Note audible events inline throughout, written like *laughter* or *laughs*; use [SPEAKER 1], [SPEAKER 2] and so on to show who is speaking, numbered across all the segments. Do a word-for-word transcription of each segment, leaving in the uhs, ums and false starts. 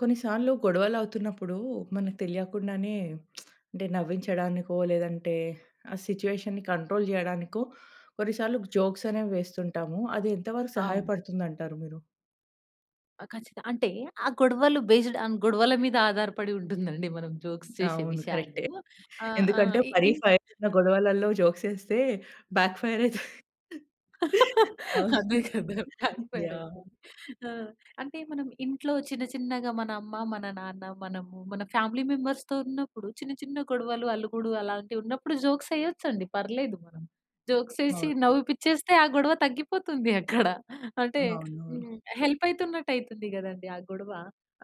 [SPEAKER 1] కొన్ని సార్లు గొడవలు అవుతున్నప్పుడు, మనకు తెలియకుండానే *smacks lips* అంటే నవ్వించడానికో, లేదంటే, ఆ సిట్యుయేషన్‌‌ని కంట్రోల్ చేయడానికో, కొన్నిసార్లు జోక్స్ అనేవి వేస్తుంటాము. అది ఎంత వరకు
[SPEAKER 2] అవును.
[SPEAKER 1] సహాయపడుతుంది అంటారు మీరు?
[SPEAKER 2] ఆ! ఖచ్చితంగా. అంటే ఆ గొడవలు బేస్డ్ ఆన్ గొడవల మీద, ఆధారపడి ఉంటుంది అండి. మనం జోక్స్ చేసే
[SPEAKER 1] అవును
[SPEAKER 2] విషయాలు.
[SPEAKER 1] కరెక్టే.
[SPEAKER 2] ఆహ్, ఆహ్,
[SPEAKER 1] ఎందుకంటే,
[SPEAKER 2] ఈ
[SPEAKER 1] మరి
[SPEAKER 2] ఈన్
[SPEAKER 1] ఫైర్ ఉన్న గొడవలలో జోక్స్ ఎస్తే బ్యాక్ ఫైర్ అయితది.
[SPEAKER 2] అదే
[SPEAKER 1] అవును.
[SPEAKER 2] కదా! Back fire
[SPEAKER 1] yeah!
[SPEAKER 2] ఐతరు. ఆ! అంటే, మనం ఇంట్లో చిన్న చిన్నగా మన అమ్మ, మన నాన్న, మనము, మన ఫ్యామిలీ మెంబర్స్‌తో ఉన్నప్పుడు చిన్న, చిన్న గొడవలు అలుగుడు, అలాంటివి ఉన్నప్పుడు జోక్స్ వేయొచ్చు అండి పర్లేదు మనం. జోక్స్ వేసి
[SPEAKER 1] అవును.
[SPEAKER 2] నవ్విపించేస్తే, ఆ గొడవ తగ్గిపోతుంది అక్కడ. అంటే
[SPEAKER 1] అవునవును.
[SPEAKER 2] హ్మ్. హెల్ప్ అయితున్నట్టు అయితుంది కదండీ! ఆ గొడవ.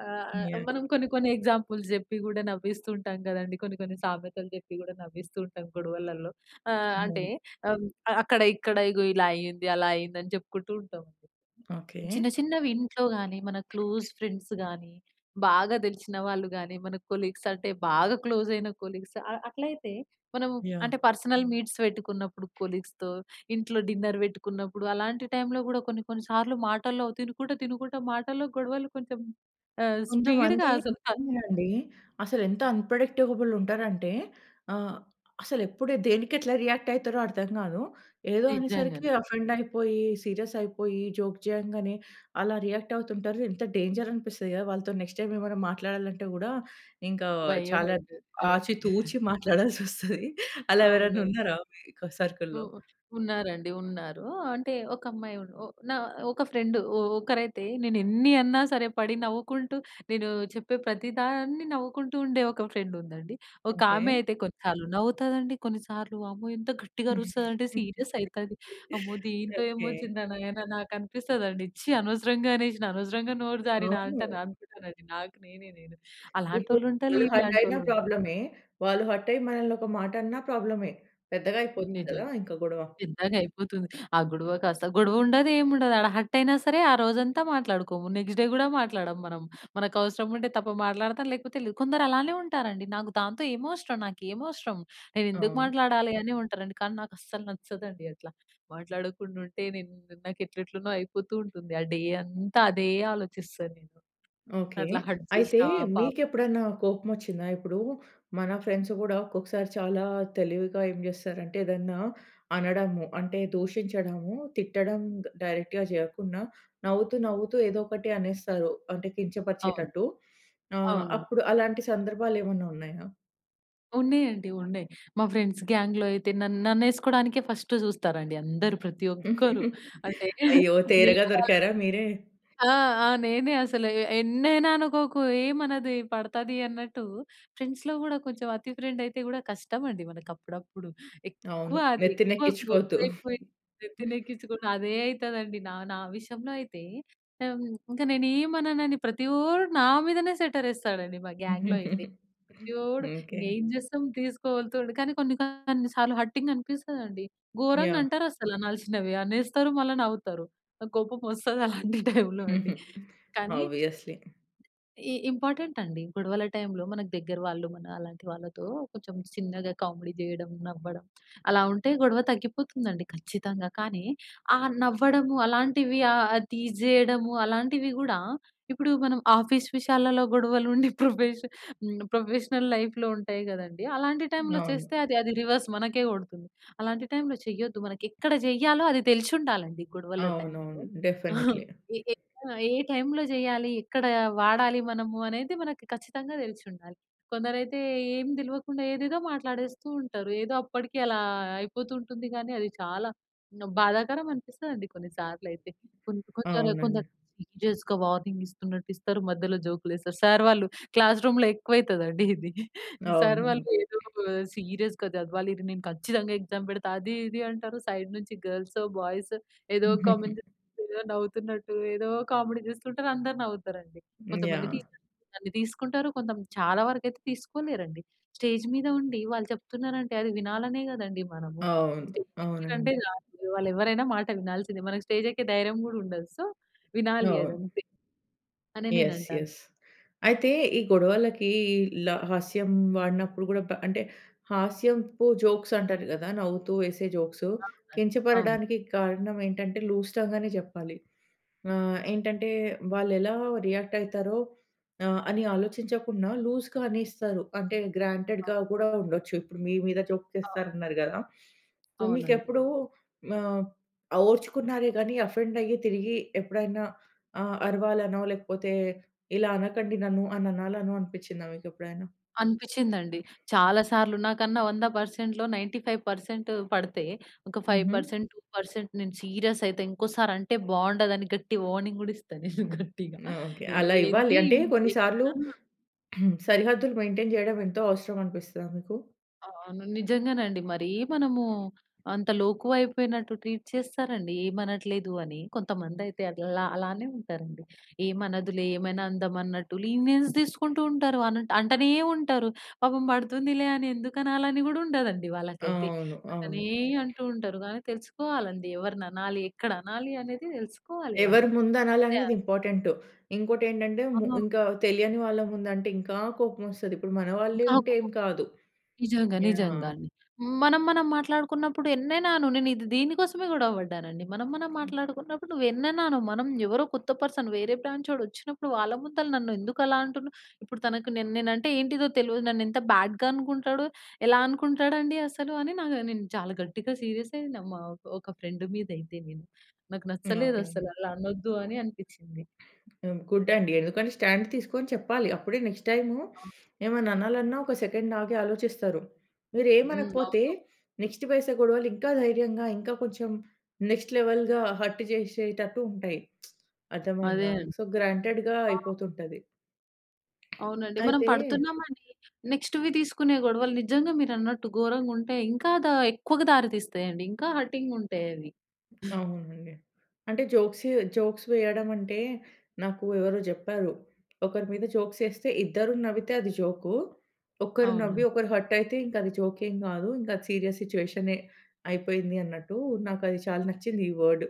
[SPEAKER 2] ఆహ్, ఆహ్,
[SPEAKER 1] యాహ్!
[SPEAKER 2] మనం కొన్ని, కొన్ని ఎగ్జాంపుల్స్ చెప్పి కూడా నవ్విస్తూ ఉంటాం కదండీ! కొన్ని, కొన్ని సామెతలు చెప్పి కూడా నవ్విస్తూ ఉంటాం గొడవలలో. ఆహ్, అంటే
[SPEAKER 1] హ్మ్.
[SPEAKER 2] అక్కడ ఇక్కడ ఇగో, ఇలా అయింది, అలా అయింది, అని చెప్పుకుంటూ ఉంటాం. చిన్న
[SPEAKER 1] ఓకే.
[SPEAKER 2] చిన్నవి ఇంట్లో గాని, మన క్లోజ్ ఫ్రెండ్స్ గాని, బాగా తెలిసిన వాళ్ళు గాని, మన కొలీగ్స్ అంటే బాగా క్లోజ్ అయిన కొలీగ్స్, అ అట్లయితే, మనం అంటే
[SPEAKER 1] యాహ్!
[SPEAKER 2] పర్సనల్ మీట్స్ పెట్టుకున్నప్పుడు, కొలీగ్స్‌తో ఇంట్లో డిన్నర్ వెట్టుకున్నప్పుడు అలాంటి టైమ్‌లో కూడా కొన్ని, కొన్ని సార్లు మాటల్లో తినుకుంటా, తినుకుంటా మాటల్లో గొడవలు కొంచెం ఆహ్, స్పీడ్‌గా
[SPEAKER 1] కొంతమంది
[SPEAKER 2] అసల
[SPEAKER 1] చూడండి. అసలు ఎంత అన్‌ప్రెడిక్టబుల్ ఉంటారంటే, ఆహ్, అసలు ఎప్పుడు దేనికి ఎట్లా రియాక్ట్ అయితరో అర్థం కాదు. ఏదో
[SPEAKER 2] నిజంగానే
[SPEAKER 1] అనేసరికి,
[SPEAKER 2] అండి.
[SPEAKER 1] ఆఫెండ్ అయిపోయి, సీరియస్ అయిపోయి, జోక్ చేయంగానే, అలా రియాక్ట్ అవుతుంటారు. ఎంత డేంజర్ అనిపిస్తది గదా! వాళ్ళతో నెక్స్ట్ టైమ్ ఏమైనా మాట్లాడాలంటే, కూడా ఇంకా
[SPEAKER 2] భయం
[SPEAKER 1] చాలా
[SPEAKER 2] అయితది. అవును.
[SPEAKER 1] ఆచి
[SPEAKER 2] *giggles*
[SPEAKER 1] తూచి మాట్లాడాల్సి వొస్తది. అలా ఎవరైనా
[SPEAKER 2] అవునండి.
[SPEAKER 1] ఉన్నారా మీ
[SPEAKER 2] ఉ
[SPEAKER 1] సర్కిల్‌లో?
[SPEAKER 2] ఉన్నారండి. ఉన్నారు. అంటే ఒక అమ్మాయి ఉ నా ఒక ఫ్రెండ్ ఒ ఒకరైతే నేను ఎన్ని అన్నా సరే, పడి నవ్వుకుంటూ, నేను చెప్పే ప్రతి దాన్ని నవ్వుకుంటూ, ఉండే ఒక ఫ్రెండ్ ఉందండి. ఒక ఆమె
[SPEAKER 1] ఓకే.
[SPEAKER 2] అయితే కొన్నిసార్లు, నవ్వుతది అండి. కొన్నిసార్లు అమ్మో! ఎంత గట్టిగా అరుస్తది అంటే, సీరియస్ అయితది.
[SPEAKER 1] *chuckles*
[SPEAKER 2] అమ్మో! దీంతో ఏమో
[SPEAKER 1] ఓకే.
[SPEAKER 2] వొచ్చింది నాయన నాకు అనిపిస్తదండి. ఛీ! అనవసరంగా అనేసిన, అనవసరంగా నోరు జారిన అంటన్
[SPEAKER 1] అవును.
[SPEAKER 2] అనుకుంటాను అండీ, నాకు నేనే నేను,
[SPEAKER 1] ఇప్పుడు
[SPEAKER 2] అలాంటోల్లు ఉంటలు,
[SPEAKER 1] వాళ్ళు హర్ట్ అయిన
[SPEAKER 2] ఇలంటోళ్ళు ఉంటా
[SPEAKER 1] ప్రాబ్లమే, వాళ్ళు హర్ట్ అయ్యి మనల్ని ఒక మాట అన్నా ప్రాబ్లమే, పెద్దగా అయిపోద్ది
[SPEAKER 2] నిజం.
[SPEAKER 1] కదా! ఇంక గొడవ.
[SPEAKER 2] పెద్దగా అయిపోతుంది. ఆ గొడవ కాస్త, గొడవ ఉండదు, ఏమి ఉండదు. ఆడ హర్ట్ అయినా సరే, ఆ రోజంతా మాట్లాడుకోము. నెక్స్ట్ డే కూడా మాట్లాడము మనం. మనకు అవసరం ఉంటే తప్ప, మాట్లాడతా, లేకపోతే లేదు. కొందరు అలానే ఉంటారండి. నాకు దాంతో ఏమవసరం, నాకేమి అవసరం, నేను ఎందుకు
[SPEAKER 1] అవును.
[SPEAKER 2] మాట్లాడాలి? అని ఉంటారండి. కానీ నాకు అస్సలు నచ్చదండి అట్లా. మాట్లాడకుండా ఉంటే. నేను నాకు ఎట్ల ఎట్లనో అయిపోతూ ఉంటుంది. ఆ డే అంతా అదే ఆలోచిస్తాను నేను.
[SPEAKER 1] ఓకే.
[SPEAKER 2] అట్లా హర్ట్
[SPEAKER 1] అయితే
[SPEAKER 2] చేసినా పాపం
[SPEAKER 1] మీకెప్పుడన్నా కోపం వొచ్చిందా? ఇప్పుడు మన ఫ్రెండ్స్ కూడా, ఒక్కొక్కసారి చాలా తెలివిగా ఏం చేస్తారంటే, ఏదన్నా అనడము. అంటే, దూషించడము, తిట్టడం డైరెక్ట్‌గా చేయకుండా, నవ్వుతూ, నవ్వుతూ ఏదో ఒకటి అనేస్తారు. అంటే,
[SPEAKER 2] అవును.
[SPEAKER 1] కించపరిచేటట్టు. ఆహ్,
[SPEAKER 2] అవును.
[SPEAKER 1] అప్పుడు అలాంటి సందర్భాలు ఏమన్నా ఉన్నాయా?
[SPEAKER 2] ఉన్నాయండి ఉన్నాయి. మా ఫ్రెండ్స్ గ్యాంగ్‌‌లో అయితే నన్ నన్నేసుకోడానికే ఫస్ట్ చూస్తారు అండి అందరు ప్రతి ఒక్కరు. *chuckles*
[SPEAKER 1] *chuckles*
[SPEAKER 2] అంటే, వేరే
[SPEAKER 1] అయ్యో! తేరగా
[SPEAKER 2] వేరేవాళ్ళు
[SPEAKER 1] దొరికారా మీరే.
[SPEAKER 2] ఆ! ఆ! నేనే అసలు ఎన్నైనా అనుకోకు ఏమి అనదు పడతది అన్నట్టు. ఫ్రెండ్స్‌లో కూడా కొంచెం అతి ఫ్రెండ్ అయితే కూడా కష్టం అండి మనకు అప్పుడప్పుడు. ఎక్కువ
[SPEAKER 1] అవును.
[SPEAKER 2] అది
[SPEAKER 1] నెత్తిన
[SPEAKER 2] ఎక్కువ
[SPEAKER 1] ఎక్కించుకోద్దు.
[SPEAKER 2] క్లోజ్ అయిపోయి నెత్తిన
[SPEAKER 1] *giggles*
[SPEAKER 2] ఎక్కించుకున్నా అదే అయితదండి. నా నా విషయంలో అయితే, ఇంక నేనేమననని ప్రతివోడు నా మీదనే సెట్టర్ వేస్తాడు అండి మా గ్యాంగ్‌‌లో అయితే.
[SPEAKER 1] *giggles*
[SPEAKER 2] ప్రతివోడు
[SPEAKER 1] ఓకే.
[SPEAKER 2] ఏం చేస్తాం తీసుకోగలుగుతాడు. కానీ కొన్ని కొన్ని సార్లు హర్టింగ్ అనిపిస్తది అండి. గోరంగా
[SPEAKER 1] యాహ్!
[SPEAKER 2] అంటారు అసలు అనాల్సినవి. అనేస్తారు మల్ల నవ్వుతారు. నాకు కోపం *chuckles* వస్తది అలాంటి టైమ్‌లో అండి.
[SPEAKER 1] హుహు.
[SPEAKER 2] కానీ
[SPEAKER 1] ఆబియస్‌లీ.
[SPEAKER 2] ఇ ఇంపార్టెంట్ అండి. గొడవల టైమ్‌లో మన దగ్గర వాళ్ళు మన అలాంటి వాళ్ళతో కొంచెం చిన్నగా కామెడీ చేయడం నవ్వడం అలా ఉంటే గొడవ తగ్గిపోతుంది అండి ఖచ్చితంగా. కానీ ఆ నవ్వడము అలాంటివి ఆహ్, టీజ్ తీసేయడము అలాంటివి గూడా ఇప్పుడు మనం ఆఫీస్ విషయాలలో గొడవలు ఉండి ప్రొఫెష హ్మ్, ప్రొఫెషనల్ లైఫ్‌లో ఉంటాయి కదండీ. అలాంటి టైమ్‌లో
[SPEAKER 1] అవును.
[SPEAKER 2] చేస్తే, అది అది రివర్స్ మనకే కొడుతుంది. అలాంటి టైమ్‌లో చెయ్యొద్దు. మనకి ఎక్కడ చెయ్యాలో అది తెలిసుండాలి అండి గొడవల టైమ్‌లో.
[SPEAKER 1] అవునవును.
[SPEAKER 2] *chuckles*
[SPEAKER 1] డెఫినెట్‌లీ.
[SPEAKER 2] ఏ ఏ ఆ! ఏ టైమ్‌లో చేయాలి, ఎక్కడ వాడాలి మనము అనేది మనకి ఖచ్చితంగా తెలిసి ఉండాలి. కొందరైతే ఏమి తెలవకుండా ఏదేదో మాట్లాడేస్తూ ఉంటారు. ఏదో అప్పటికి అలా అయిపోతూ ఉంటుంది కానీ అది చాలా బాధాకరం అనిపిస్తదండి కొన్ని సార్లు అయితే. కొంద కొందరు కొంచెం
[SPEAKER 1] అవునండి.
[SPEAKER 2] వార్నింగ్ ఇస్తున్నట్టు ఇస్తారు మధ్యలో జోక్లు వేస్తారు. సర్ వాళ్ళు క్లాస్ రూమ్‌లో ఎక్కువ అయితది అండి *giggles* ఇది. సర్ వాళ్ళు
[SPEAKER 1] అవును.
[SPEAKER 2] ఏదో సీరియస్‌గా చదవాలి, నేను ఖచ్చితంగా ఎగ్జామ్ పెడతా అది ఇది అంటారు. సైడ్ నుంచి గల్సో బాయ్స్ ఏదో
[SPEAKER 1] *chuckles*
[SPEAKER 2] కామెంట్ నవ్వుతున్నట్టు ఏదో కామెడీ చూస్తుంటారు అందరు నవ్వుతారు అండి. కొంతమంది
[SPEAKER 1] యాహ్!
[SPEAKER 2] టీచర్స్ తీసుకుంటారు కొంత చాలా వరకు అయితే తీసుకోలేరు అండి. స్టేజ్ మీద ఉండి వాళ్ళు చెప్తున్నారు అంటే అది వినాలనే కదండి మనము.
[SPEAKER 1] అవును.
[SPEAKER 2] స్టేజ్
[SPEAKER 1] అవునండి.
[SPEAKER 2] *unintelligible* కాదు వాళ్ళు ఎవరైనా మాట వినాల్సిందే. మనకి స్టేజ్ ఎక్కే ధైర్యం కూడా ఉండదు. సో, వినాలి అది
[SPEAKER 1] అవును.
[SPEAKER 2] అంతే, అని నేను
[SPEAKER 1] ఎస్
[SPEAKER 2] అంటాను.
[SPEAKER 1] ఎస్. అయితే ఈ గొడవలకి ల హాస్యం వాడినప్పుడు కూడా అంటే హాస్యంపు జోక్స్ అంటారు కదా! నవ్వుతూ వేసే జోక్స్.
[SPEAKER 2] అవునా! అవును.
[SPEAKER 1] కించపడడానికి కారణం ఏంటంటే లూజ్ టంగ్ అనే చెప్పాలి. ఆహ్, ఏంటంటే వాళ్ళు ఎలా రియాక్ట్ అయితారో ఆహ్, అని ఆలోచించకుండా లూజ్‌గా అనేస్తారు. అంటే
[SPEAKER 2] ఆ!
[SPEAKER 1] గ్రాంటెడ్‌గా కూడా ఉండొచ్చు. ఇప్పుడు మీ మీద జోక్
[SPEAKER 2] అవ్
[SPEAKER 1] చేస్తారు అన్నారు కదా! సో, మీకు
[SPEAKER 2] అవునండి.
[SPEAKER 1] ఎప్పుడు ఆహ్, ఓర్చుకున్నారే గాని ఆఫెండ్ అయ్యి తిరిగి ఎప్పుడైనా ఆహ్, అరవాలనో, లేకపోతే ఇలా అనకండి నన్ను అని అనాలనో అనిపించిందా మీకు ఎప్పుడైనా?
[SPEAKER 2] అనిపించింది అండి. చాలా సార్లు నాకన్నా వంద పర్సెంట్‌లో నైన్టీ ఫైవ్ పర్సెంట్ పడితే, ఒక ఫైవ్
[SPEAKER 1] హుహు.
[SPEAKER 2] పర్సెంట్ టూ పర్సెంట్ నేను సీరియస్ అయితే, ఇంకోసారి అంటే బాగుండదు అని గట్టిగా వార్నింగ్ కూడా ఇస్తా నేను *chuckles* గట్టిగా.
[SPEAKER 1] ఓకే. అలా ఇవ్వాలి.
[SPEAKER 2] ఏంది
[SPEAKER 1] అంటే కొన్ని సార్లు
[SPEAKER 2] *unintelligible*
[SPEAKER 1] *clears throat* సరిహద్దులు మెయింటైన్ చేయడం ఎంతో అవసరం అనిపిస్తదా మీకు?
[SPEAKER 2] ఆ! అవును. నిజంగానండి. మరీ మనము అంత లోకువ అయిపోయినట్టు ట్రీట్ చేస్తారండీ ఏమి అనట్లేదు అని. కొంతమంది అయితే అల్లా అలానే ఉంటారండి. ఏమనదులే ఏమైనా అందామన్నట్టు లీనియెన్స్ తీసుకుంటూ ఉంటరు. అనటు అంటనే ఉంటరు. పాపం పడుతుందిలే అని ఎందుకనాలి అని గూడా ఉండదండి వాళ్ళకైతే.
[SPEAKER 1] అవును. అవును.
[SPEAKER 2] అట్లనే అంటూ ఉంటరు గానీ తెలుసుకోవాలండి ఎవరిననాలి ఎక్కడనాలి అనేది తెలుసుకోవాలి వాళ్ళు.
[SPEAKER 1] ఎవరు ముందు అనాలి అనేది
[SPEAKER 2] *unintelligible*
[SPEAKER 1] ఇంపార్టెంటు. ఇంకోటి ఏంటంటే ము
[SPEAKER 2] అవును.
[SPEAKER 1] ఇంకా తెలియని వాళ్ళ ముందు అంటే ఇంకా కోపమొస్తది. ఇప్పుడు మన వాళ్ళే
[SPEAKER 2] ఇంకా *unintelligible*
[SPEAKER 1] ఉంటే
[SPEAKER 2] ఒక
[SPEAKER 1] ఏం కాదు.
[SPEAKER 2] నిజంగా. నిజంగా
[SPEAKER 1] యాహ్!
[SPEAKER 2] అండి. మనం మనం మాట్లాడుకున్నప్పుడు ఎన్నైనా అను. నేను ఇది దీని కోసమే గొడవ పడ్డానండి. మనం మనం మాట్లాడుకున్నప్పుడు నువ్వు ఎన్నన్నా అను. మనం ఎవరో కొత్త పర్సన్ వేరే బ్రాంచోడు వచ్చినప్పుడు వాళ్ళ ముందుల నన్ను ఎందుకు అలా అంటున్నా? ఇప్పుడు తనకు నెన్ నేను అంటే ఏంటిదో తెలవదు. నన్ను ఎంత బ్యాడ్‌గా అనుకుంటాడు. ఎలా అనుకుంటాడండి అసలు అని నాక్ నేను చాలా గట్టిగా సీరియస్ అయినా మా ఒక ఫ్రెండ్ మీద అయితే నేను. నాకు
[SPEAKER 1] ఓకే.
[SPEAKER 2] నచ్చలేదసలు. అలా అనొద్దు అని అనిపిచ్చింది.
[SPEAKER 1] హ్మ్. గుడ్ అండి. ఎందుకంటే స్టాండ్ తీసుకొని చెప్పాలి. అప్పుడే నెక్స్ట్ టైము
[SPEAKER 2] ఆ!
[SPEAKER 1] ఏమన్నా అనాలి అన్నా ఒక సెకండ్ ఆగి ఆలోచిస్తారు. మీరు
[SPEAKER 2] హ్మ్.
[SPEAKER 1] ఏమనకపోతే
[SPEAKER 2] అవును.
[SPEAKER 1] నెక్స్ట్ పైసా గొడవలు ఇంకా ధైర్యంగా ఇంకా కొంచెం నెక్స్ట్ లెవెల్‌గా హర్ట్ చేసేటట్టు ఉంటాయి. *smacks lips*
[SPEAKER 2] అదే
[SPEAKER 1] అర్థమయిందా?
[SPEAKER 2] అండి.
[SPEAKER 1] సో, గ్రాంటెడ్‌గా
[SPEAKER 2] *unintelligible*
[SPEAKER 1] అయిపోతుంటది.
[SPEAKER 2] అవునండి. మనం
[SPEAKER 1] అయితే.
[SPEAKER 2] పడుతున్నాం అనీ నెక్స్ట్‌వి తీసుకునే గొడవలు నిజంగా మీరన్నట్టు ఘోరంగుంటాయి. ఇంకా దా ఎక్కువగా దారి తీస్తాయండి. ఇంకా హర్టింగ్ ఉంటాయి అవి.
[SPEAKER 1] అవునండి. అంటే జోక్స్ ఏ జోక్స్ వెయ్యడం అంటే, నాకు ఎవరో జెప్పారు. ఒకరి మీద జోక్స్ ఏస్తే ఇద్దరు నవ్వితే అది జోకు. ఒక్కరు నవ్వి
[SPEAKER 2] అవునండి.
[SPEAKER 1] ఒకరు హర్ట్ అయితే ఇంక అది జోక్ ఏం గాదు. ఇంక అది సీరియస్ సిచ్యువేషనే అయిపోయింది అన్నట్టూ నాకు అది చాలా నచ్చింది ఈ వర్డ్.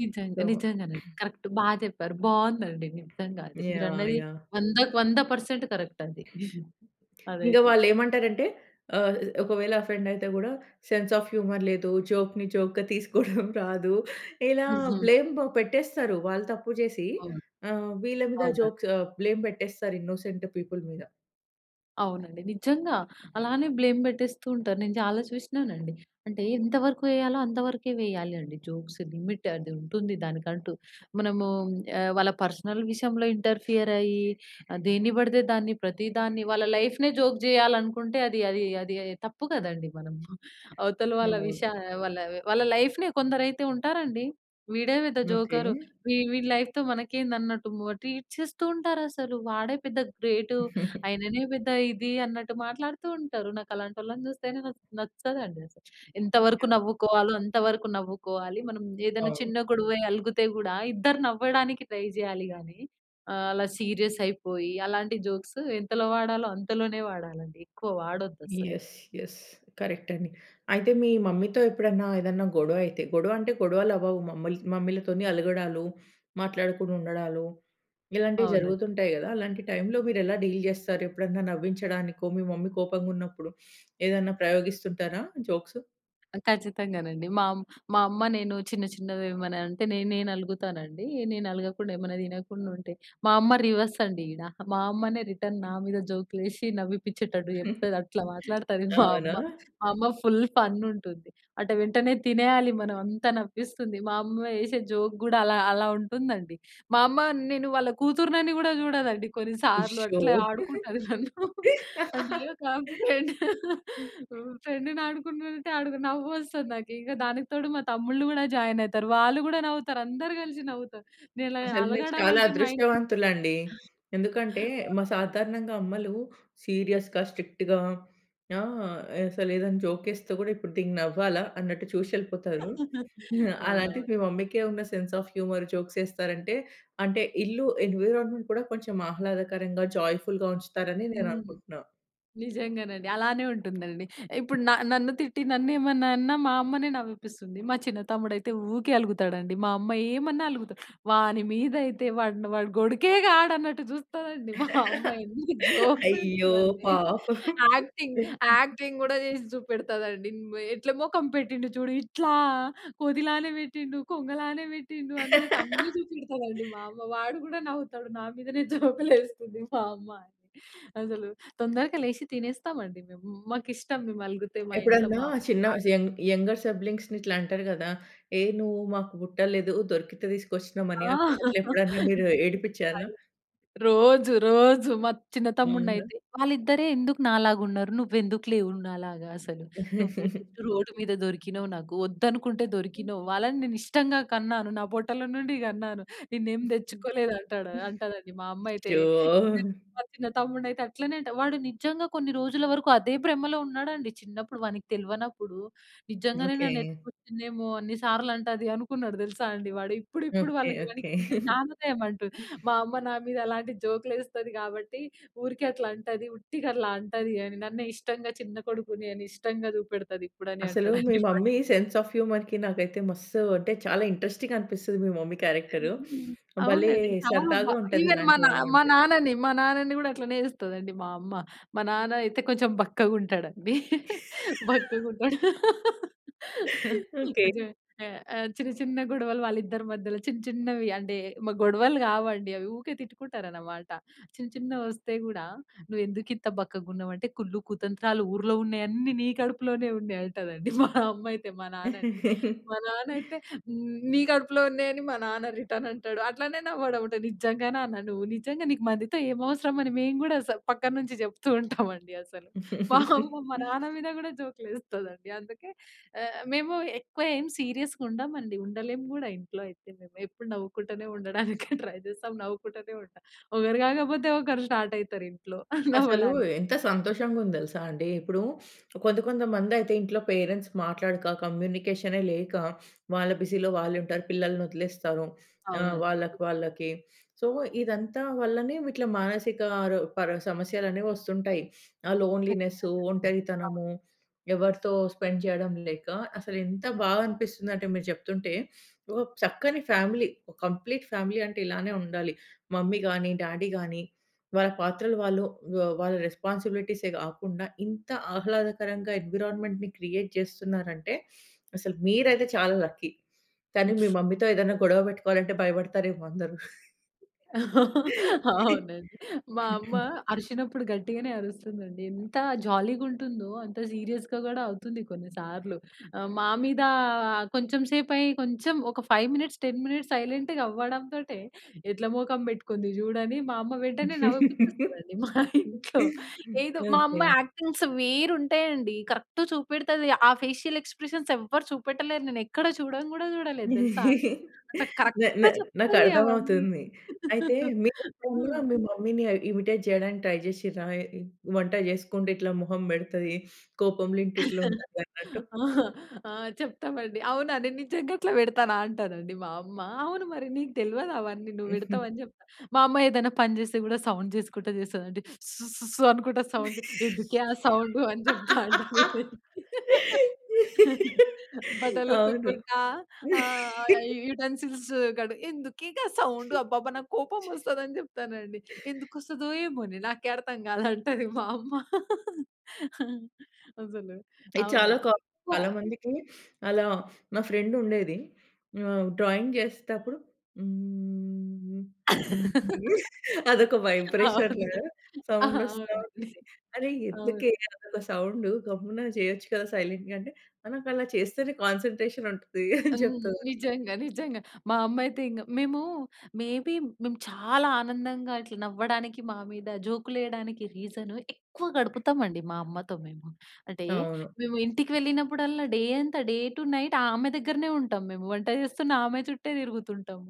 [SPEAKER 2] నిజంగా.
[SPEAKER 1] సో
[SPEAKER 2] నిజంగానే. కరక్ట్. బా చెప్పారు. బావుందండి. నిజంగా అది మీరు
[SPEAKER 1] యాహ్!
[SPEAKER 2] అన్నది
[SPEAKER 1] యాహ్!
[SPEAKER 2] వందకు వంద పర్సెంట్ కరెక్ట్ *chuckles* అది
[SPEAKER 1] ఇంగ
[SPEAKER 2] అదైతే.
[SPEAKER 1] వాళ్ళు ఏమంటారంటే ఆహ్ ఒకవేళ ఆ ఫ్రెండ్ అయితే గూడా, సెన్స్ ఆఫ్ హ్యూమర్ లేదు. జోక్‌ని జోక్‌గా తీసుకోడం *chuckles* రాదు. ఇలా
[SPEAKER 2] హుహు.
[SPEAKER 1] బ్లేమ్ పెట్టేస్తారు. వాళ్ళు తప్పు చేసీ
[SPEAKER 2] అవును.
[SPEAKER 1] ఆహ్, వీళ్ళ మీద
[SPEAKER 2] అవునండి.
[SPEAKER 1] జోక్స్, ఆహ్, బ్లేమ్ పెట్టేస్తారు ఇన్నోసెంట్ పీపుల్ మీద.
[SPEAKER 2] అవునండి. నిజంగా అలానే బ్లేమ్ పెట్టేస్తూ ఉంటారు. నేను చాలా చూసినానండి. అంటే ఎంతవరకు ఎయ్యాలో, అంత వరకే వేయాలి అండి, జోక్స్ లిమిట్ ఉంటుంది దానికంటూ. మనమూ ఆహ్, వాళ్ళ పర్సనల్ విషయంలో ఇంటర్ఫియర్ అయ్యి, దేని పడితే దాన్ని, ప్రతి దాన్ని వాళ్ళ లైఫ్‌నే జోక్ చేయాలనుకుంటే, అది, అది, అది తప్పు కదండీ! మనము *chuckles* అవతల వాళ్ళ
[SPEAKER 1] అవును.
[SPEAKER 2] విషయాలు వాళ్ళ, వాళ్ళ లైఫ్‌నే కొందరైతే ఉంటారండి. వీడే పెద్ద
[SPEAKER 1] ఓకె.
[SPEAKER 2] జోకరు, వీ వీడి లైఫ్‌తో మనకేంది, అన్నట్టు మ ట్రీట్ చేస్తూ ఉంటారు అసలు. వాడే పెద్ద గ్రేటు.
[SPEAKER 1] *chuckles*
[SPEAKER 2] ఆయననే పెద్ద ఇది, అన్నట్టు మాట్లాడుతూ ఉంటారు. నాకలాంటోళ్ళని చూస్తేనే, నస్ నచ్చదండి అసలు. ఎంతవరకు
[SPEAKER 1] యాహ్!
[SPEAKER 2] నవ్వుకోవాలో, అంతవరకు నవ్వుకోవాలి. మనం ఏదన్న
[SPEAKER 1] అవును.
[SPEAKER 2] చిన్న గొడవై అలుగుతే కూడా, ఇద్దరు నవ్వడానికి ట్రై చేయాలి గాని, ఆహ్, అలా సీరియస్ అయిపోయి, అలాంటి జోక్స్ ఎంతలో వాడాలో, అంతలోనే వాడాలండి. ఎక్కువ వాడొద్దస్సలు.
[SPEAKER 1] యస్. యస్. కరెక్ట్ అండి. అయితే మీ మమ్మీతో ఎప్పుడన్నా, ఏదన్నా, గొడవ అయితే, గొడవ అంటే, గొడవలవ్వవు మమ్మల్ మమ్మీలతోని, అలగడాలు, మాట్లాడకుండా ఉండడాలు, ఇలాంటివి
[SPEAKER 2] అవునండి.
[SPEAKER 1] జరుగుతుంటాయి గదా! అలాంటి టైమ్‌లో మీరు ఎలా డీల్ చేస్తారు? ఎప్పుడైనా నవ్వించడానికో మీ మమ్మీ కోపంగున్నప్పుడు ఏదన్నా *sniffs* ప్రయోగిస్తుంటారా జోక్స్?
[SPEAKER 2] ఆ! ఖచ్చితంగానండి. మా ఆమ్ మా అమ్మ నేను చిన్న, చిన్నవి ఏమన్నా అంటే, నేనే నలుగుతాను అండి. నేను ఆలగకుండా, ఏమైనా తినకుండా ఉంటే, మా అమ్మ రివర్స్ అండి ఈడ. మా అమ్మనే రిటర్న్ నా మీద జోక్‌లు ఏశి, నవ్విపించేటట్టు
[SPEAKER 1] *chuckles*
[SPEAKER 2] చెప్తది, అట్లా మాట్లాడుతది మా అమ్మ.
[SPEAKER 1] అవునా!
[SPEAKER 2] మా అమ్మ ఫుల్ ఫన్ ఉంటుంది. అట వెంటనే తినేయాలి మనం. అంతా నవ్విస్తుంది. మా అమ్మ ఏశే జోక్ కూడా అలా, అలా ఉంటుందండి. మా అమ్మ నేను వాళ్ళ కూతురుని కూడా చూడదండి కొన్నిసార్లు.
[SPEAKER 1] ఉషో!
[SPEAKER 2] అట్లా ఆడుకుంటది నన్ను. అంటే ఒక ఫ్రెండ్,
[SPEAKER 1] *laughs*
[SPEAKER 2] ఫ్రెండ్‌ని ఆడుకుంటుంటే నవ్వొస్తుంది నాకు ఇక దానికి తోడు, మా తమ్ముళ్ళు కూడా జాయిన్ అవుతారు. వాళ్ళు కూడా నవ్వుతారు. అందరూ కలిసి నవ్వుతారు. నేను ఇలా
[SPEAKER 1] అసలు మీరు
[SPEAKER 2] అలగడం
[SPEAKER 1] చాలా
[SPEAKER 2] అంటే, మా ఇం‌టిలో
[SPEAKER 1] అదృష్టవంతులండి. ఎందుకంటే, మా సాధారణంగా అమ్మలు సీరియస్‌గా, స్ట్రిక్ట్‌గా ఆహ్, అసలు ఏదైనా జోక్ ఏస్తే కూడా ఇప్పుడు దీనికి నవ్వాలా అన్నట్టు చూసి వెళ్ళిపోతారు.
[SPEAKER 2] *chuckles*
[SPEAKER 1] హా,
[SPEAKER 2] అవునవును.
[SPEAKER 1] అలాంటి మీ మమ్మీ‌కి ఉన్న సెన్స్ ఆఫ్ హ్యూమర్ జోక్స్ వేస్తారంటే, అంటే ఇల్లు ఎన్విరాన్మెంట్ కూడా కొంచెం ఆహ్లాదకరంగా, జాయ్ఫుల్‌గా ఉంచుతారు అని నేను
[SPEAKER 2] హ్మ్.
[SPEAKER 1] అనుకుంటున్నా.
[SPEAKER 2] నిజంగానండి. అలానే ఉంటుందండి. ఇప్పుడు న నన్ను తిట్టి, నన్ను ఏమన్నా అన్నా, మా అమ్మనే నవ్విపిస్తుంది. మా చిన్న తమ్ముడు అయితే ఊకే అలుగుతాడండి. మా అమ్మ ఏమన్నా అలుగుతా‌డు. వాని మీద అయితే, వాడిని వాడు గొడికే కాడు, అన్నట్టు చూస్తాదండి. మా అమ్మ ఎన్ని జోక్స్
[SPEAKER 1] అయ్యో!
[SPEAKER 2] వే‌స్తది అంటే,
[SPEAKER 1] పాపం.
[SPEAKER 2] యాక్టింగ్, యాక్టింగ్ కూడా చేసి చూపెడతదండి, ఉమ్, "ఎట్లా మొఖం పెట్టిండు చూడు, ఇట్లా కొ‌తి లానే పెట్టిండు, కొంగలానే పెట్టిండు" అన్నట్టు అన్ని చూపెడతదండి. మా
[SPEAKER 1] *laughs*
[SPEAKER 2] అమ్మ వాడు కూడా నవ్వుతాడు. నా మీదనే జోక్‌లు వేస్తుంది మా అమ్మ అని. అసలు తొందరగా లేచి, తినేస్తాం అండి మేము. మాకిష్టం మేము అలుగుతే, మా ఇంట్లో
[SPEAKER 1] ఎప్పుడన్నా
[SPEAKER 2] మా అమ్మ
[SPEAKER 1] చిన్న‌స్
[SPEAKER 2] నాదని.
[SPEAKER 1] యంగ్ యంగర్ సిబ్లింగ్స్‌ని ఇట్లా అంటారు కదా! ఏ నువ్వు మాకు పుట్టలేదు, దొరికితే తీసుకొచ్చి‌నం
[SPEAKER 2] ఆ!
[SPEAKER 1] అని, అట్లా
[SPEAKER 2] *chuckles*
[SPEAKER 1] ఎప్పుడైనా మీరు
[SPEAKER 2] *unintelligible*
[SPEAKER 1] ఏడిపించారా?
[SPEAKER 2] రోజు, రోజు మా చిన్న
[SPEAKER 1] అవునా?
[SPEAKER 2] తమ్ముడినైతే, "వాళ్ళిద్దరే ఎందుకు నాలాగా ఉన్నారు? నువ్వు ఎందుకు లేవు నాలాగా? అసలు నువ్వు
[SPEAKER 1] *chuckles*
[SPEAKER 2] రోడ్డు మీద దొరికినావ్ నాకు, వద్దు అనుకుంటే దొరికినావ్, వాళ్ళని నేను ఇష్టంగా కన్నాను. నా పొట్టల నుండి కన్నాను, నిన్ను ఏమి
[SPEAKER 1] *giggles*
[SPEAKER 2] తెచ్చుకోలేదు" అంటాడు అంటదండి మా అమ్మ అయితే. నే
[SPEAKER 1] అయ్యో!
[SPEAKER 2] మా చిన్న తమ్ముడిని అయితే అట్లనే అంట. వాడు నిజంగా, కొన్ని రోజులు వరకు అదే బ్రమలో ఉన్నాడండి చిన్నప్పుడు, వా‌ని‌కి తెల్వ‌నప్పుడు, నిజంగానే నన్ను
[SPEAKER 1] ఓకే.
[SPEAKER 2] ఎత్తు‌కొచ్చింది ఏమో! అన్ని సార్లు అంటది అనుకున్నాడు తెలుసా అండి. వాడు ఇప్పుడు, ఇప్పుడు
[SPEAKER 1] ఓకే.
[SPEAKER 2] వాళ్ళకి
[SPEAKER 1] ఓకే.
[SPEAKER 2] వానికి జ్ఞానోదయం అంటు,
[SPEAKER 1] *chuckles*
[SPEAKER 2] మా అమ్మ, "నా మీద అలాంటి జోక్‌లు ఏస్తది కాబట్టి, ఊరికే అట్లా అంటది. ఉట్టిగా అట్లా అంటది అని నన్నే ఇష్టంగా, చిన్న కొడుకుని అని, ఇష్టంగా చూపెడతది ఇప్పుడు" అని,
[SPEAKER 1] అసలు మీ
[SPEAKER 2] అంటాడండి వాడిప్
[SPEAKER 1] మమ్మీ సెన్స్ ఆఫ్ హ్యూమర్‌కి నాకైతే మస్తు అంటే, చాలా ఇంట్రెస్టింగ్ అనిపిస్తది, మీ మమ్మీ క్యారెక్టరు.
[SPEAKER 2] హ్మ్.
[SPEAKER 1] భలే
[SPEAKER 2] అవునండి చాలా బ
[SPEAKER 1] సరదాగా ఉంటది,
[SPEAKER 2] ఇవెన్ మా
[SPEAKER 1] ఇలాంటి
[SPEAKER 2] నా
[SPEAKER 1] వాళ్ళు
[SPEAKER 2] మా
[SPEAKER 1] ఉంటే.
[SPEAKER 2] నాన్నని మా నాన్నని కూడా అట్లనే చేస్తదండి మా అమ్మ. మా నాన్న అయితే కొంచెం బక్కగా ఉంటాడండి బక్కగా
[SPEAKER 1] *laughs*
[SPEAKER 2] ఉంటాడు.
[SPEAKER 1] *chuckles* ఓకే.
[SPEAKER 2] *unintelligible* చిన్న, చిన్న గొడవలు వాళ్ళ ఇద్దరి మధ్యలో చిన్న చిన్నవి అంటే, ‌మగొడవలు కావండి అవి, ఊకే తిట్టుకుంటారు అన్నమాట. చిన్న చిన్నవి వస్తే గూడా, "నువ్వు ఎందుకు ఇంత బక్కగా ఉన్నావ్ అంటే కుళ్ళు కుతంత్రాలు ఊర్లో ఉన్నవి అన్ని నీ కడుపులోనే ఉన్నాయి" అంటది మా అమ్మ అయితే మా నాన్న‌న్ని. మా నాన్న
[SPEAKER 1] *chuckles*
[SPEAKER 2] అయితే, "నీ కడుపులో ఉన్నాయని" మా నాన్న రిటర్న్ అంటాడు అట్లనే నవ్వడం నిజంగా నాన్న నువ్వు నిజంగా నీకు మందితో ఏమి అవసరం అని మేము కూడా స పక్కన నుంచి చెప్తూ ఉంటాం అండి అసలు. మా అమ్మ మా
[SPEAKER 1] *chuckles*
[SPEAKER 2] నాన్న మీద కూడా జోక్‌లు వేస్తది అండి. అందుకే ఆహ్, మేము ఎక్కువ ఏమి సీరియస్‌గా ఉండం అండి. ఉండలేము కూడా, ఇంట్లో అయితే మేము ఎప్పుడు నవ్వుకుంటూనే ఉండడానికి ట్రై చేస్తాం నవ్వుకుంటూనే ఉంటాం. ఒకరు కాకపోతే ఒకరు స్టార్ట్ అవుతారు ఇంట్లో *giggles*
[SPEAKER 1] అసలు
[SPEAKER 2] నవ్వడానికి.
[SPEAKER 1] ఎంత సంతోషంగా ఉంది తెలుసా అండి. ఇప్పుడు కొంత కొంతమంది అయితే, ఇంట్లో పేరెంట్స్ మాట్లాడక, కమ్యూనికేషనే లేక, వాళ్ళ బిజీలో వాళ్ళు ఉంటారు, పిల్లల్ని వదిలేస్తారు, ఆహ్,
[SPEAKER 2] అవునండి.
[SPEAKER 1] వాళ్ళకి వాళ్ళకి. సో, ఇదంతా వల్లనే విట్‌లా మానసిక రో ప‌ర సమస్యలు అనేవి వస్తుంటాయి. ఆ లోన్‌లినెస్సు,
[SPEAKER 2] కచ్చితంగా అండి. అవును.
[SPEAKER 1] ఒంటరితనము, ఎవరితో స్పెండ్ చేయడం లేక, అసలు ఎంత బాగా అనిపిస్తుంది అంటే, మీరు చెప్తుంటే, ఓ చక్కని ఫ్యామిలీ, ఓ కంప్లీట్ ఫ్యామిలీ, అంటే ఇలానే ఉండాలి. మమ్మీ గాని, డాడీ గాని, వాళ్ళ పాత్రలు వాళ్ళు, వా వాళ్ళ రెస్పాన్సిబిలిటీసే కాకుండా, ఇంత ఆహ్లాదకరంగా ఎన్విరాన్మెంట్‌ని క్రియేట్ చేస్తున్నారు అంటే, అసలు మీరైతే చాలా లక్కీ. కానీ మీ మమ్మీతో ఏదైనా గొడవ పెట్టుకోవాలంటే భయపడతారేమో అందరు. *giggles* *chuckles*
[SPEAKER 2] అవు‌నండి. మా అమ్మ
[SPEAKER 1] *clears throat*
[SPEAKER 2] అరిచినప్పుడు గట్టిగానే అరుస్తుంది అండి. ఎంత జాలీగా ఉంటుందో, అంత సీరియస్‌గా కూడా, అవుతుంది కొన్నిసార్లు. ఆహ్, మా మీద కొంచెం సేపు అయి కొంచెం ఒక ఫైవ్ మినిట్స్, టెన్ మినిట్స్, సైలెంట్‌గా అవ్వడంతోటే "ఎట్లా మోఖం పెట్టుకుంది చూడని," మా అమ్మ వెంటనే నవ్విపించేస్తది
[SPEAKER 1] *laughs*
[SPEAKER 2] అండి. మా ఇంట్లో ఏదో మా
[SPEAKER 1] ఓకే.
[SPEAKER 2] అమ్మ యాక్టింగ్స్ వేరు ఉంటాయి అండి, కరెక్ట్ చూపెడతది ఆ ఫేషియల్ ఎక్స్ప్రెషన్స్ ఎవరు చూపెట్టలే‌రు. నేను ఎక్కడ చూడ‌న్ గూడా చూడలేదు తెలుసా!
[SPEAKER 1] *chuckles*
[SPEAKER 2] అట్లా కరెక్ట్‌
[SPEAKER 1] నా నా నాకు
[SPEAKER 2] చెప్తది
[SPEAKER 1] అర్థం
[SPEAKER 2] అవన్నీ.
[SPEAKER 1] అవుతుంది. అయితే
[SPEAKER 2] *laughs*
[SPEAKER 1] మీరు కూడా
[SPEAKER 2] ఆ!
[SPEAKER 1] మీ మమ్మీ‌ని ఇమిటేట్ చేయడానికి ట్రై చేసిం‌డ్రా? ఏ ఇ వంట చేసుకుంటే ఇట్లా మొహం పెడతది, కోపం‌లో ఇంటి ఇట్లా
[SPEAKER 2] *chuckles*
[SPEAKER 1] ఉంటది అన్నట్టు.
[SPEAKER 2] ఆహ్, ఆహ్, చెప్తామండి, "అవునా! నేను నిజంగా అట్లా పెడతాన అంటానండి" మా అమ్మ, "అవును మరి, నీకు తెల్వదు అవన్నీ నువ్వు పెడతావ్"
[SPEAKER 1] *chuckles*
[SPEAKER 2] అని చెప్తా. మా అమ్మ ఏదైనా పని చేస్తే కూడా సౌండ్ చేసుకుంటా చేస్తది అండి, స్‌స్‌స్‌స్ అనుకుంటా సౌండ్ ఎందుకే ఆ సౌండ్ అని చెప్తా అండి. *laughs* బట్టలు
[SPEAKER 1] అవును.
[SPEAKER 2] ఉతుక్కుంటా ఆహ్, యు యుటెన్సిల్స్ కడ్ ఎందుకే గా సౌండ్, అబ్బా‌బా నాకు కోపం వస్తది, అని చెప్తానండి, "ఎందుకు వస్తదో! ఏమో‌నే! నాకే అర్థం కాలంటది" మా అమ్మ *laughs* అసలు
[SPEAKER 1] ఇది చాలా
[SPEAKER 2] అవునండి.
[SPEAKER 1] క
[SPEAKER 2] ప
[SPEAKER 1] చాలా మందికి, అలా మా ఫ్రెండ్ ఉండేది. ఆహ్, డ్రాయింగ్ చేసేటప్పుడు హ్మ్, హ్మ్,
[SPEAKER 2] *laughs*
[SPEAKER 1] అదొక వైబ్రేషన్
[SPEAKER 2] అవును.
[SPEAKER 1] సౌండ్ వస్తా
[SPEAKER 2] అవునండి.
[SPEAKER 1] ఉంటది. అరె!
[SPEAKER 2] అవును.
[SPEAKER 1] ఎందుకే అదొక సౌండ్ గమ్మున చేయొచ్చు కదా! సైలెంట్‌గా అంటే, "ఆ నాకు అలా చేస్తేనే కాన్సంట్రేషన్ ఉంటది." అని
[SPEAKER 2] హ్మ్.
[SPEAKER 1] చెప్తద‌
[SPEAKER 2] నిజంగా. నిజంగా. మా అమ్మ అయితే ఇంక మేము మే‌ బి మేము చాలా ఆనందంగా ఇట్లా నవ్వడానికి, మా మీద జోక్‌లు వేయడానికి, రీజన్ ఎక్కువ గడుపుతాం అండి, మా అమ్మతో మేము. అంటే,
[SPEAKER 1] అవును.
[SPEAKER 2] మేము ఇంటికి వెళ్ళినప్పుడల్లా డే అంత డే టూ నైట్ ఆమె దగ్గరనే ఉంటాం మేము. వంట చేస్తున్న ఆమె చుట్టే తిరుగుతుంటాం.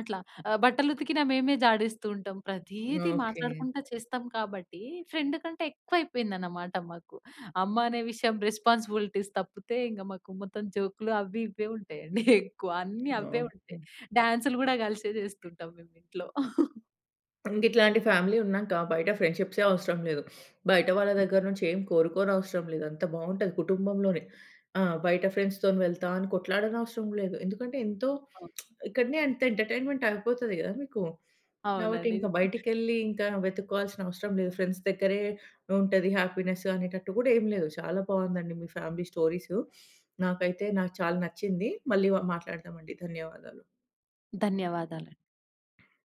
[SPEAKER 2] అట్లా ఆహ్, బట్టలు ఉతికిన మేమే జాడిస్తూ ఉంటాం. ప్రతిది
[SPEAKER 1] ఓకే.
[SPEAKER 2] మాట్లాడుకుంట చేస్తాం కాబట్టి, ఫ్రెండ్ కంటే ఎక్కువ అయిపోయింది అన్నమాట మాకు. అమ్మ అనే విషయం రెస్పాన్సిబిలిటీస్ తప్పితే, ఇంక మాకు మొత్తం జోక్‌లు అవి, ఇ‌వే, ఉంటాయి అండి ఎక్కువ అన్ని అవే ఉంటాయి.
[SPEAKER 1] ఓకే.
[SPEAKER 2] డాన్స‌లు కూడా కలిసే చేసుకుంటాం మేము ఇంట్లో. *chuckles*
[SPEAKER 1] ఇంకా ఇట్లాంటి ఫ్యామిలీ ఉన్నాక, బయట ఫ్రెండ్‌షిప్సే అవసరం లేదు. బయట వాళ్ళ దగ్గర
[SPEAKER 2] నిజంగా.
[SPEAKER 1] నుంచి ఏమి కోరుకోనవసరం లేదు. అంత బాగుంటది కుటుంబంలోనే ఆ! బయట ఫ్రెండ్స్‌తో వెళ్తా అని, కొట్లాడనవసరం లేదు. ఎందుకంటే ఎంతో,
[SPEAKER 2] అవును.
[SPEAKER 1] *smacks lips* ఇక్కడనే అంత ఎంటర్టైన్మెంట్ అయిపోతాది కదా! మీకు. కాబట్టి,
[SPEAKER 2] అవునండి.
[SPEAKER 1] ఇంకా బయటికి వెళ్లి ఇంకా వెతుక్కోవా‌లిసినా అవసరం లేదు. ఫ్రెండ్స్ దగ్గరే ఉంటది హ్యాపీనెస్ అనేటట్టు కూడా ఏమి లేదు. చాలా బాగుంది అండి. మీ ఫ్యామిలీ స్టోరీసు, నాకైతే, నాకు చాలా నచ్చింది. మళ్ళీ‌ వ మాట్లాడదాం అండి. ధన్యవాదాలు.
[SPEAKER 2] ధన్యవాదాలు.